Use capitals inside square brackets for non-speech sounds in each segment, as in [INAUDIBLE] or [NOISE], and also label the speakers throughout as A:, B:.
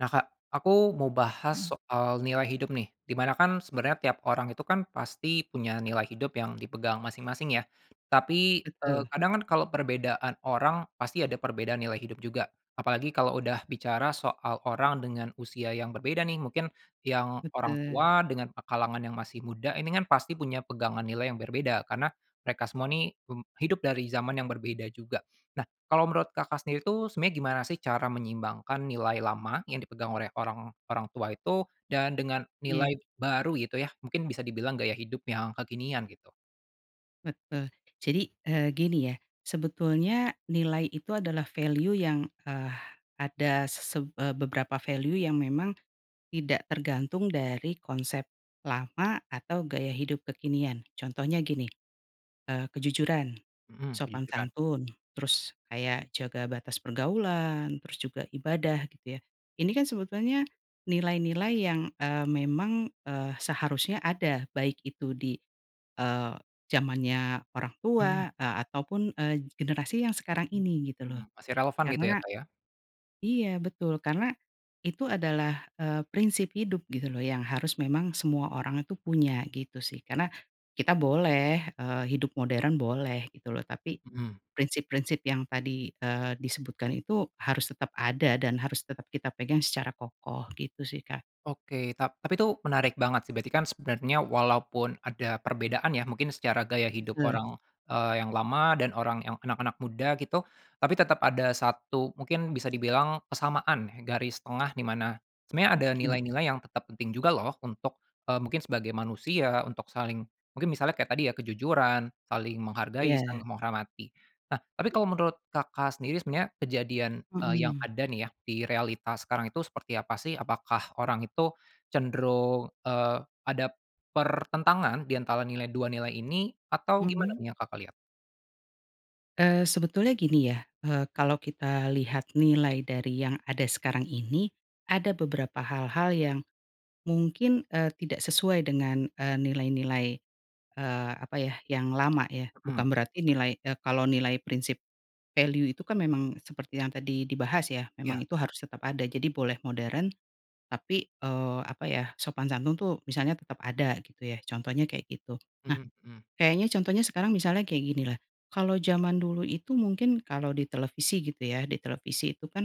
A: Nah Kak aku mau bahas
B: Mhm.
A: soal nilai hidup nih, di mana kan sebenarnya tiap orang itu kan pasti punya nilai hidup yang dipegang masing-masing ya, tapi, eee,
B: Betul.
A: kadang kan kalau perbedaan orang pasti ada perbedaan nilai hidup juga. Apalagi kalau udah bicara soal orang dengan usia yang berbeda nih mungkin, yang orang
B: Betul.
A: tua dengan kalangan yang masih muda ini kan pasti punya pegangan nilai yang berbeda, karena mereka semua nih hidup dari zaman yang berbeda juga. Nah kalau menurut Kakak sendiri itu sebenarnya gimana sih cara menyeimbangkan nilai lama yang dipegang oleh orang orang tua itu dan dengan
B: Iya.
A: nilai baru gitu ya mungkin bisa dibilang gaya hidup yang kekinian gitu.
B: Betul jadi, eee, gini ya sebetulnya nilai itu adalah value yang, eee, ada seseb eee, beberapa value yang memang, tidak tergantung dari konsep lama atau gaya hidup kekinian contohnya gini, eee, kejujuran,
A: Mhm,
B: sopan
A: kejujuran.
B: santun terus kayak jaga batas pergaulan terus juga ibadah gitu ya ini kan sebetulnya, nilai-nilai yang, eee, memang, eee, seharusnya ada baik itu di, eee, zamannya orang
A: Mmm.
B: tua, eee, ataupun, eee, generasi yang sekarang ini gitu
A: Mhm,
B: loh,
A: masih relevan gitu ya
B: karena
A: Kak ya.
B: iya betul karena itu adalah, eee, prinsip hidup gitu loh yang harus memang semua orang itu punya gitu sih karena, kita boleh, eee, hidup modern boleh gitu loh tapi,
A: Mhm.
B: prinsip-prinsip yang tadi, eee, disebutkan itu harus tetap ada dan harus tetap kita pegang secara kokoh gitu sih Kak.
A: Oke tap tapi itu menarik banget sih. Berarti kan sebenarnya walaupun ada perbedaan ya mungkin secara gaya hidup
B: Betul.
A: orang, eee, yang lama dan orang yang anak-anak muda gitu, tapi tetap ada satu mungkin bisa dibilang kesamaan ya garis tengah di mana, sebenarnya ada
B: Iya.
A: nilai-nilai yang tetap penting juga loh untuk, eee, mungkin sebagai manusia untuk saling, mungkin misalnya kayak tadi ya kejujuran, saling menghargai,
B: Iya.
A: saling menghormati. Nah tapi kalau menurut Kakak sendiri sebenarnya kejadian, eee, yang
B: Mhm.
A: ada nih ya di realitas sekarang itu seperti apa sih? Apakah orang itu cenderung, eee, ada, pertentangan di antara nilai, dua nilai ini? Atau gimana
B: Mhm.
A: nih yang Kakak lihat?
B: Eee, sebetulnya gini ya, eee, kalau kita lihat nilai dari yang ada sekarang ini, ada beberapa hal-hal yang, mungkin, eee, tidak sesuai dengan, eee, nilai-nilai, eee, apa ya yang lama ya
A: Mhm.
B: bukan berarti nilai, eee, kalau nilai prinsip, value itu kan memang seperti yang tadi dibahas ya memang
A: Iya.
B: itu harus tetap ada jadi boleh modern, tapi, eee, apa ya sopan santun tuh misalnya tetap ada gitu ya contohnya kayak gitu, nah,
A: Mhm.
B: kayaknya contohnya sekarang misalnya kayak gini lah, kalau zaman dulu itu mungkin kalau di televisi gitu ya di televisi itu kan,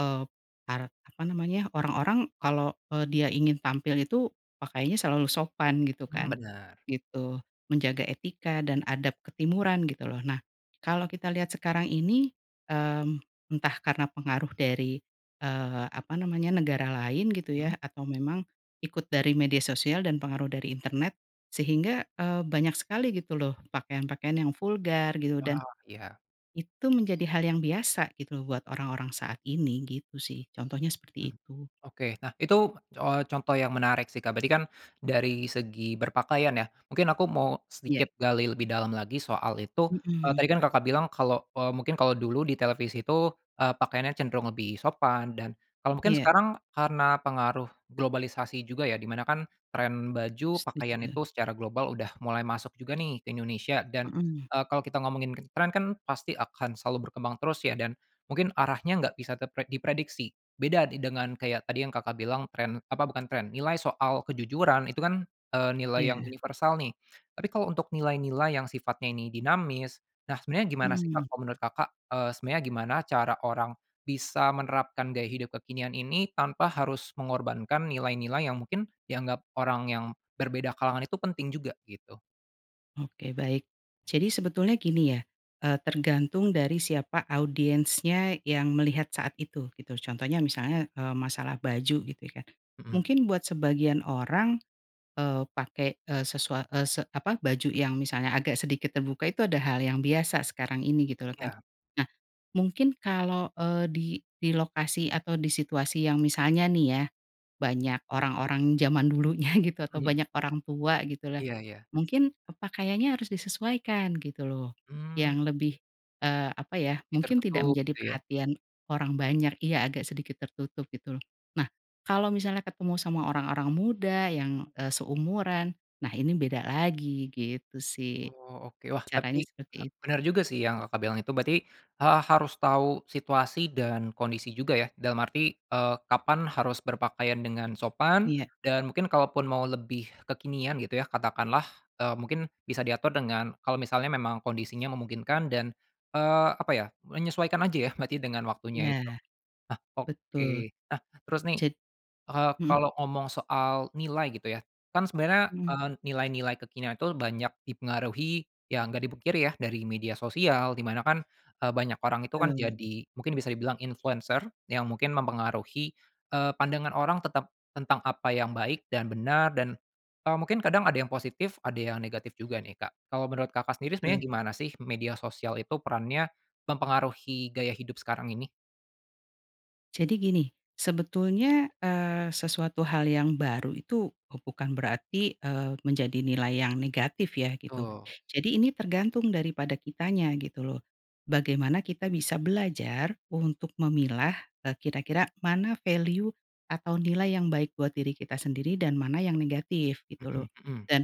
B: eee, par apa namanya orang-orang kalau, eee, dia ingin tampil itu pakaiannya selalu sopan gitu
A: Mmm,
B: kan,
A: bener.
B: gitu, menjaga etika dan adab ketimuran gitu loh nah, kalau kita lihat sekarang ini, mmm, entah karena pengaruh dari, eee, apa namanya negara lain gitu
A: Mmm?
B: ya atau memang, ikut dari media sosial dan pengaruh dari internet, sehingga, eee, banyak sekali gitu loh pakaian-pakaian yang vulgar gitu dan.
A: Oh iya.
B: Itu menjadi hal yang biasa gitu loh buat orang-orang saat ini gitu sih contohnya seperti
A: Mmm,
B: itu.
A: oke. Nah itu, oh, contoh yang menarik sih Kak, berarti kan dari segi berpakaian ya mungkin aku mau
B: Iya.
A: sedikit gali lebih dalam lagi soal itu, eee,
B: Mhm.
A: tadi kan Kakak bilang kalau, eee, mungkin kalau dulu di televisi itu, eee, pakaiannya cenderung lebih sopan dan kalau mungkin
B: Iya.
A: sekarang karena pengaruh globalisasi juga ya di mana kan trend baju pakaian
B: Setuju.
A: itu secara global udah mulai masuk juga nih ke Indonesia dan,
B: Mhm.
A: eee, kalau kita ngomongin trend kan pasti akan selalu berkembang terus ya dan, mungkin arahnya gak bisa terpre diprediksi, beda dengan kayak tadi yang Kakak bilang trend apa bukan trend, nilai soal kejujuran itu kan, eee, nilai yang
B: Iya.
A: universal nih, tapi kalau untuk nilai-nilai yang sifatnya ini dinamis, nah sebenarnya gimana sih
B: Mhm.
A: Kak kalau menurut Kakak? Eee, sebenarnya gimana cara orang bisa menerapkan gaya hidup kekinian ini tanpa harus mengorbankan nilai-nilai yang mungkin dianggap orang yang berbeda kalangan itu penting juga gitu?
B: Oke baik, jadi sebetulnya gini ya, eee, tergantung dari siapa audiensnya yang melihat saat itu gitu contohnya misalnya, eee, masalah baju gitu ya,
A: Mhm.
B: mungkin buat sebagian orang, eee, pake, eee, sesu eee, apa baju yang misalnya agak sedikit terbuka itu ada hal yang biasa sekarang ini gitu loh kan,
A: Iya.
B: nah, mungkin kalau, eee, di di lokasi atau di situasi yang misalnya nih ya, banyak orang-orang zaman dulunya gitu atau
A: [CHUCKLES]
B: banyak orang tua gitu loh,
A: Iya iya.
B: mungkin pakaiannya harus disesuaikan gitu loh,
A: Mmm.
B: yang lebih, eee, apa ya
A: Lebih
B: mungkin tidak
A: tertutup
B: menjadi
A: gitu ya.
B: perhatian orang banyak iya agak sedikit tertutup gitu loh, nah kalau misalnya ketemu sama orang-orang muda yang, eee, seumuran, nah ini beda lagi gitu sih,
A: Oh oke. Wah tapi,
B: caranya seperti itu.
A: benar juga sih yang Kakak bilang itu berarti, eee, harus tahu situasi dan kondisi juga ya dalam arti, eee, kapan harus berpakaian dengan sopan,
B: Iya.
A: dan mungkin kalaupun mau lebih kekinian gitu ya katakanlah, eee, mungkin bisa diatur dengan kalau misalnya memang kondisinya memungkinkan dan, eee, apa ya, menyesuaikan aja ya berarti dengan waktunya itu.
B: Iya.
A: Nah oke,
B: betul,
A: nah terus nih,
B: jad
A: eee,
B: mhm.
A: kalau ngomong soal nilai gitu ya, kan sebenarnya,
B: Mhm.
A: eee, nilai-nilai kekinian itu banyak dipengaruhi ya gak dipungkiri ya dari media sosial di mana kan, eee, banyak orang itu kan
B: Betul.
A: jadi mungkin bisa dibilang influencer yang mungkin mempengaruhi, eee, pandangan orang tetap tentang apa yang baik dan benar dan, eee, mungkin kadang ada yang positif ada yang negatif juga nih Kak. Kalau menurut Kakak sendiri sebenarnya
B: Betul.
A: gimana sih media sosial itu perannya, mempengaruhi gaya hidup sekarang ini?
B: Jadi gini, sebetulnya, eee, sesuatu hal yang baru itu bukan berarti, eee, menjadi nilai yang negatif ya gitu,
A: Betul.
B: jadi ini tergantung daripada kitanya gitu loh, bagaimana kita bisa belajar untuk memilah, eee, kira-kira mana value, atau nilai yang baik buat diri kita sendiri dan mana yang negatif gitu loh,
A: Mhm mhm.
B: dan,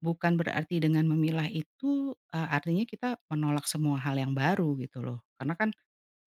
B: bukan berarti dengan memilah itu, eee, artinya kita menolak semua hal yang baru gitu loh karena kan,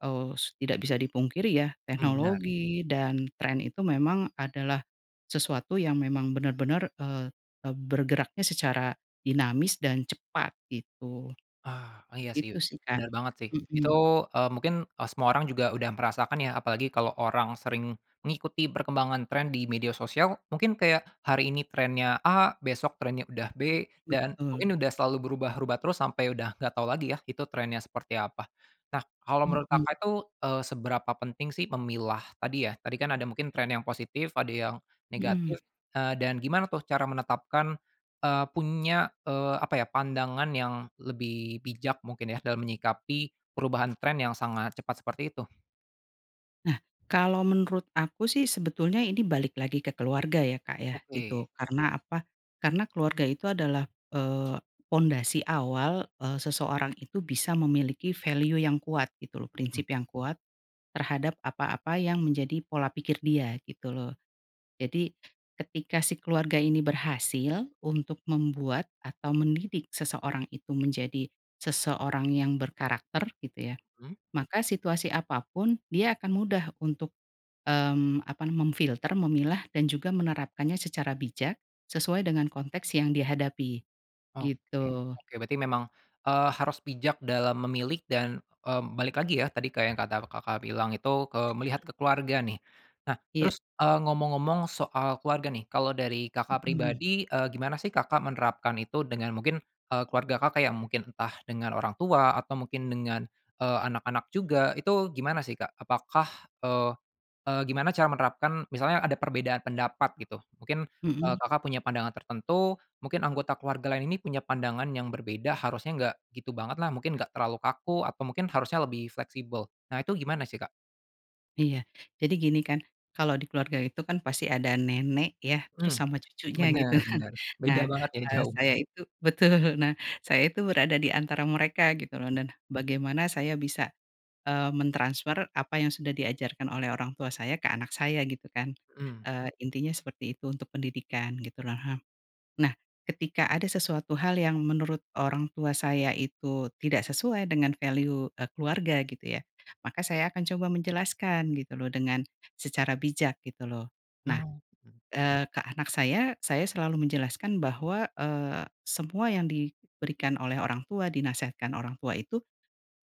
B: eee, tidak bisa dipungkiri ya
A: Mhm, bener.
B: teknologi dan trend itu memang adalah, sesuatu yang memang benar-benar, eee,, eee, bergeraknya secara dinamis dan cepat gitu.
A: Ah, iya sih
B: Itu sih Kak,
A: bener banget sih itu,
B: mhm.
A: eee, mungkin, eee, semua orang juga udah merasakan ya, apalagi kalau orang sering mengikuti perkembangan trend di media sosial mungkin kayak hari ini trendnya A besok trendnya udah B dan
B: Betul.
A: mungkin udah selalu berubah-ubah terus sampai udah nggak tau lagi ya itu trendnya seperti apa. Nah kalau menurut
B: Mhm.
A: Kakak itu, eee, seberapa penting sih memilah tadi ya tadi kan ada mungkin trend yang positif ada yang, negatif,
B: Mhm.
A: eee, dan gimana tuh cara menetapkan, eee, punya, eee, apa ya pandangan yang lebih bijak mungkin ya dalam menyikapi perubahan trend yang sangat cepat seperti itu?
B: Nah kalau menurut aku sih sebetulnya ini balik lagi ke keluarga ya Kak ya
A: Oke.
B: gitu karena apa? Karena keluarga itu adalah, eee, pondasi awal, eee, seseorang itu bisa memiliki value yang kuat gitu loh
A: Mhm.
B: prinsip yang kuat, terhadap apa-apa yang menjadi pola pikir dia gitu loh, jadi, ketika si keluarga ini berhasil untuk membuat atau mendidik seseorang itu menjadi, seseorang yang berkarakter gitu ya,
A: Mmm.
B: maka situasi apa pun dia akan mudah untuk, mmm, apa nama memfilter, memilah, dan juga menerapkannya secara bijak, sesuai dengan konteks yang dihadapi,
A: Oke
B: gitu.
A: oke berarti memang, eee, harus bijak dalam memilih dan, mmm, balik lagi ya tadi ke yang kata Kakak bilang itu ke melihat ke keluarga nih. Nah
B: Iya.
A: terus, eee, ngomong-ngomong soal keluarga nih kalau dari Kakak
B: Mhm.
A: pribadi, eee, gimana sih Kakak menerapkan itu dengan mungkin, eee, keluarga Kakak yang mungkin entah dengan orang tua atau mungkin dengan, eee, anak-anak juga itu gimana sih Kak? Apakah, eee eee, gimana cara menerapkan misalnya ada perbedaan pendapat gitu mungkin, eee,
B: Mhm.
A: Kakak punya pandangan tertentu mungkin anggota keluarga lain ini punya pandangan yang berbeda harusnya nggak gitu banget lah mungkin gak terlalu kaku atau mungkin harusnya lebih fleksibel, nah itu gimana sih Kak?
B: Iya jadi gini kan kalau di keluarga itu kan pasti ada nenek ya terus
A: Mmm,
B: sama cucunya gitu
A: bener
B: kan
A: bener,
B: nah,
A: beda banget ya
B: eee,
A: jauh.
B: saya itu betul nah saya itu berada di antara mereka gitu loh dan bagaimana saya bisa, eee, mentransfer apa yang sudah diajarkan oleh orang tua saya ke anak saya gitu kan,
A: Mhm.
B: eee, intinya seperti itu untuk pendidikan gitu loh, nah ketika ada sesuatu hal yang menurut orang tua saya itu tidak sesuai dengan value, eee, keluarga gitu ya maka saya akan coba menjelaskan gitu loh dengan, secara bijak gitu loh, nah,
A: Mmm, mhm.
B: eee, ke anak saya saya selalu menjelaskan bahwa, eee, semua yang diberikan oleh orang tua dinasihatkan orang tua itu,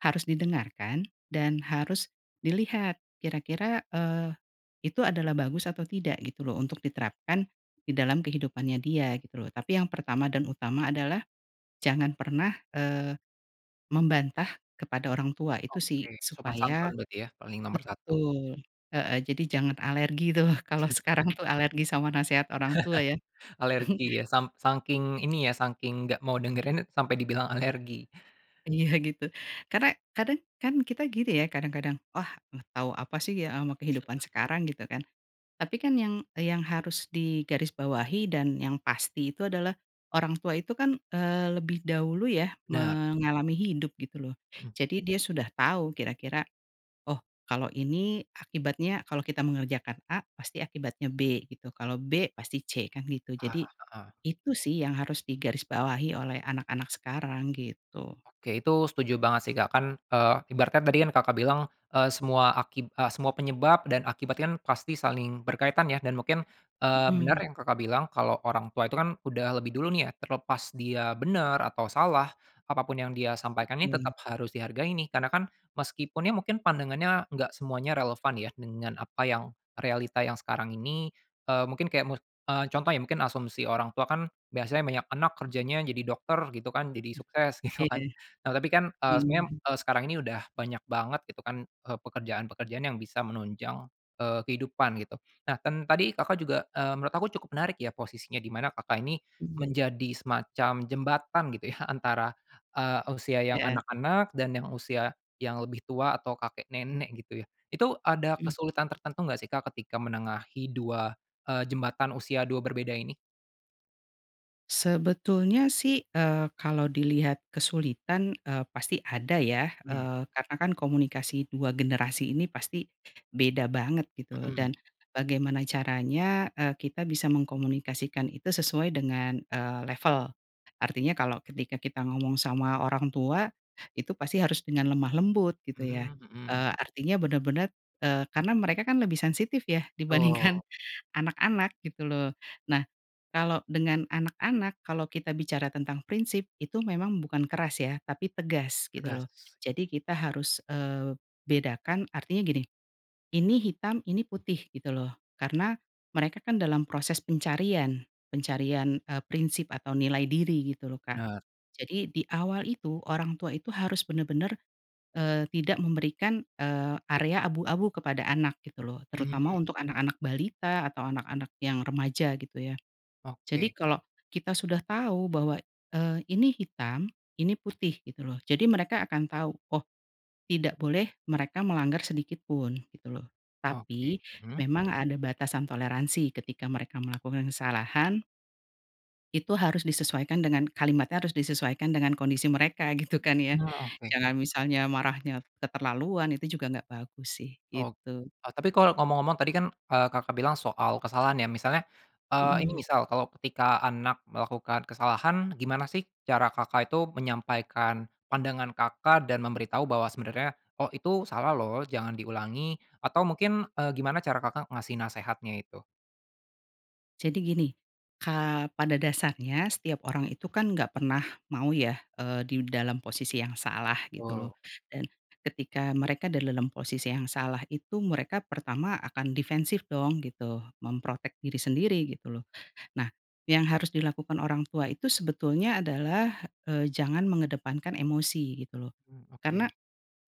B: harus didengarkan dan harus dilihat kira-kira, eee, itu adalah bagus atau tidak gitu loh untuk diterapkan di dalam kehidupannya dia gitu loh tapi yang pertama dan utama adalah, jangan pernah, eee, membantah kepada orang tua itu sih
A: Oke sopan santun
B: supaya
A: berarti ya paling nomor satu.
B: betul, heeh, jadi jangan alergi tuh kalau
A: [CHUCKLES]
B: sekarang tuh alergi sama nasehat orang tua ya.
A: [CHUCKLES] Alergi
B: [CHUCKLES]
A: ya sam sangking ini ya sangking nggak mau dengerin itu sampai dibilang alergi.
B: Iya gitu karena kadang kan kita gini ya kadang-kadang, "Wah tau apa sih ya ama kehidupan
A: [UNINTELLIGIBLE]
B: sekarang," gitu kan, tapi kan yang yang harus digarisbawahi dan yang pasti itu adalah, orang tua itu kan, eee, lebih dahulu ya
A: Bener.
B: mengalami hidup gitu loh
A: Mhm.
B: jadi dia sudah tahu kira-kira, oh kalau ini akibatnya kalau kita mengerjakan A pasti akibatnya B gitu kalau B pasti C kan gitu
A: Ah,
B: jadi,
A: heeh.
B: itu sih yang harus digarisbawahi oleh anak-anak sekarang gitu.
A: Oke itu setuju banget sih Kak kan, eee, ibaratnya tadi kan Kakak bilang, eee, semua aki eee, semua penyebab dan akibat kan pasti saling berkaitan ya dan mungkin, eee, bener
B: Mhm.
A: yang Kakak bilang kalau orang tua itu kan udah lebih dulu nih ya terlepas dia bener atau salah, apa pun yang dia sampaikan ini
B: Betul.
A: tetap harus dihargai ini karena kan meskipun ya mungkin pandangannya nggak semuanya relevan ya dengan apa yang realita yang sekarang ini, eee, mungkin kayak mu eee, contohnya mungkin asumsi orang tua kan biasanya banyak anak kerjanya jadi dokter gitu kan jadi sukses gitu kan,
B: Iya,
A: nah tapi kan, eee, sebenarnya,
B: mhm.
A: eee, sekarang ini udah banyak banget gitu kan, eee, pekerjaan-pekerjaan yang bisa menunjang, eee, kehidupan gitu nah dan tadi Kakak juga, eee, menurut aku cukup menarik ya posisinya di mana Kakak ini,
B: Mhm.
A: menjadi semacam jembatan gitu ya antara, eee, usia yang
B: Iya.
A: anak-anak dan yang usia, yang lebih tua atau kakek nenek gitu ya itu ada
B: Mhm.
A: kesulitan tertentu enggak sih Kak ketika menengahi dua, eee, jembatan usia dua berbeda ini.
B: Sebetulnya sih, eee, kalau dilihat kesulitan, eee, pasti ada ya,
A: Mmm.
B: eee, karenakan komunikasi dua generasi ini pasti, beda banget gitu
A: Mhm.
B: dan bagaimana caranya, eee, kita bisa mengkomunikasikan itu sesuai dengan, eee, level, artinya kalau ketika kita ngomong sama orang tua, itu pasti harus dengan lemah lembut gitu ya,
A: Mmm, mhm.
B: eee, artinya benar-benar, eee, karena mereka kan lebih sensitif ya
A: Betul.
B: dibandingkan anak-anak gitu loh nah, kalau dengan anak-anak kalau kita bicara tentang prinsip itu memang bukan keras ya tapi tegas gitu loh,
A: Tegas.
B: jadi kita harus, eee, bedakan artinya gini, ini hitam ini putih gitu loh karena, mereka kan dalam proses pencarian pencarian, eee, prinsip atau nilai diri gitu loh Kak,
A: Bener.
B: jadi di awal itu orang tua itu harus benar-benar, eee, tidak memberikan, eee, area abu-abu kepada anak gitu loh terutama
A: Mmm.
B: untuk anak-anak balita atau anak-anak yang remaja gitu ya, jadi
A: Oke.
B: kalau, kita sudah tahu bahwa, eee, ini hitam ini putih gitu loh jadi mereka akan tau oh, tidak boleh mereka melanggar sedikit pun gitu loh,
A: Oke,
B: tapi
A: mhm.
B: memang ada batasan toleransi ketika mereka melakukan kesalahan itu harus disesuaikan dengan kalimatnya harus disesuaikan dengan kondisi mereka gitu kan ya,
A: Ah, oke.
B: jangan misalnya marahnya keterlaluan itu juga nggak bagus sih
A: Ok
B: gitu.
A: oh tapi kalau ngomong-ngomong tadi kan, eee, Kakak bilang soal kesalahan ya misalnya, eee, ini
B: Mhm.
A: misal kalau ketika anak melakukan kesalahan gimana sih cara Kakak itu menyampaikan pandangan Kakak dan memberitahu bahwa sebenarnya oh itu salah loh jangan diulangi atau mungkin, eee, gimana cara Kakak ngasih nasihatnya itu.
B: Jadi gini, kaa pada dasarnya setiap orang itu kan nggak pernah mau ya, eee, di dalam posisi yang salah gitu loh,
A: Wow.
B: dan ketika mereka dalam posisi yang salah itu mereka pertama akan defensif dong gitu mem-protect diri sendiri gitu loh nah, yang harus dilakukan orang tua itu sebetulnya adalah, eee, jangan mengedepankan emosi gitu loh,
A: Mmm,
B: karena,
A: oke.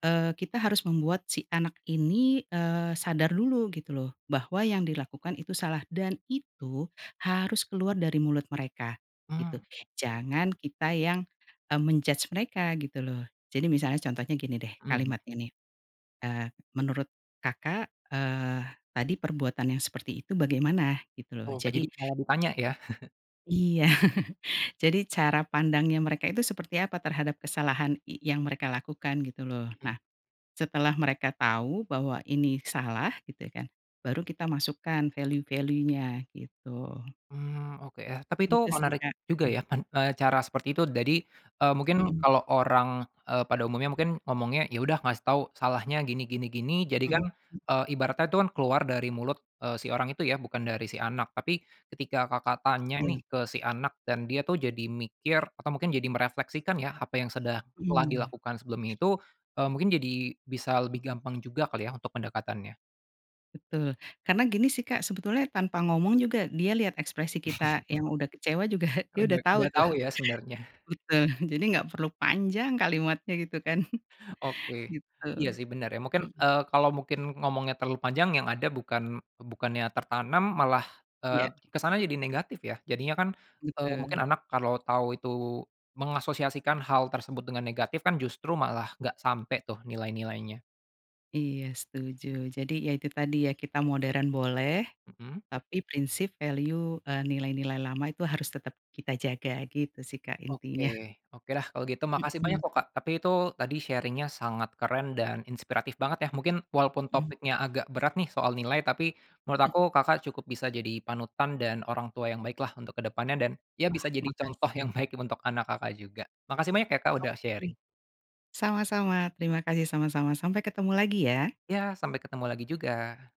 B: eee, kita harus membuat si anak ini, eee, sadar dulu gitu loh bahwa yang dilakukan itu salah dan itu harus keluar dari mulut mereka, gitu
A: Mmm, oke.
B: jangan kita yang, eee, men-judge mereka gitu loh jadi misalnya contohnya gini deh
A: Mhm.
B: kalimatnya nih, eee, "Menurut Kakak," eee, "tadi perbuatan yang seperti itu bagaimana?" Gitu loh
A: Oh
B: jadi
A: jadi kalau ditanya ya. [CHUCKLES]
B: Iya [CHUCKLES] jadi cara pandangnya mereka itu seperti apa terhadap kesalahan y yang mereka lakukan gitu loh
A: Mhm.
B: nah, setelah mereka tahu bahwa ini salah gitu kan, baru kita masukkan value-value-nya gitu.
A: Mmm, oke yah tapi itu
B: Itu sih
A: menarik
B: Kak.
A: juga ya kan cara seperti itu jadi, eee, mungkin
B: Mhm.
A: kalau orang, eee, pada umumnya mungkin ngomongnya ya udah ngasih tahu salahnya gini gini gini jadi
B: Mhm.
A: kan, eee, ibaratnya itu kan keluar dari mulut, eee, si orang itu ya bukan dari si anak tapi ketika Kakak tanya nih
B: Betul.
A: ke si anak dan dia tuh jadi mikir atau mungkin jadi merefleksikan ya apa yang sedang telah
B: Mmm.
A: dilakukan sebelumnya itu, eee, mungkin jadi bisa lebih gampang juga kali ya untuk pendekatannya.
B: Betul, karena gini sih Kak sebetulnya tanpa ngomong juga dia lihat ekspresi kita yang
A: [CHUCKLES]
B: udah kecewa juga dia
A: Oh
B: udah
A: dah
B: tahu
A: udah
B: tuh.
A: tau ya sebenarnya.
B: Betul jadi nggak perlu panjang kalimatnya gitu kan,
A: Oke,
B: gitu,
A: iya sih benar ya mungkin,
B: mhm.
A: eee, kalau mungkin ngomongnya terlalu panjang yang ada bukan bukannya tertanam malah, eee,
B: Iya.
A: ke sana jadi negatif ya jadinya kan, eee,
B: Betul.
A: mungkin anak kalau tahu itu, mengasosiasikan hal tersebut dengan negatif kan justru malah nggak sampai tuh nilai-nilainya.
B: Iya setuju jadi ya itu tadi ya kita modern boleh,
A: Mhm.
B: tapi prinsip value eee, nilai-nilai lama itu harus tetap kita jaga gitu sih Kak
A: Oke
B: intinya. [CHUCKLES]
A: oke dah kalau gitu makasih banyak
B: Mhm.
A: loh Kak tapi itu tadi sharing-nya sangat keren dan inspiratif banget ya mungkin walaupun
B: Mhm.
A: topiknya agak berat nih soal nilai tapi, menurut aku Kakak cukup bisa jadi panutan dan orang tua yang baik lah untuk ke depannya dan, ya
B: Wah
A: bisa jadi contoh
B: makasih.
A: yang baik untuk anak Kakak juga, makasih banyak ya Kak udah
B: Oke.
A: sharing.
B: Sama-sama terima kasih, sama-sama sampai ketemu lagi ya.
A: Iya sampai ketemu lagi juga.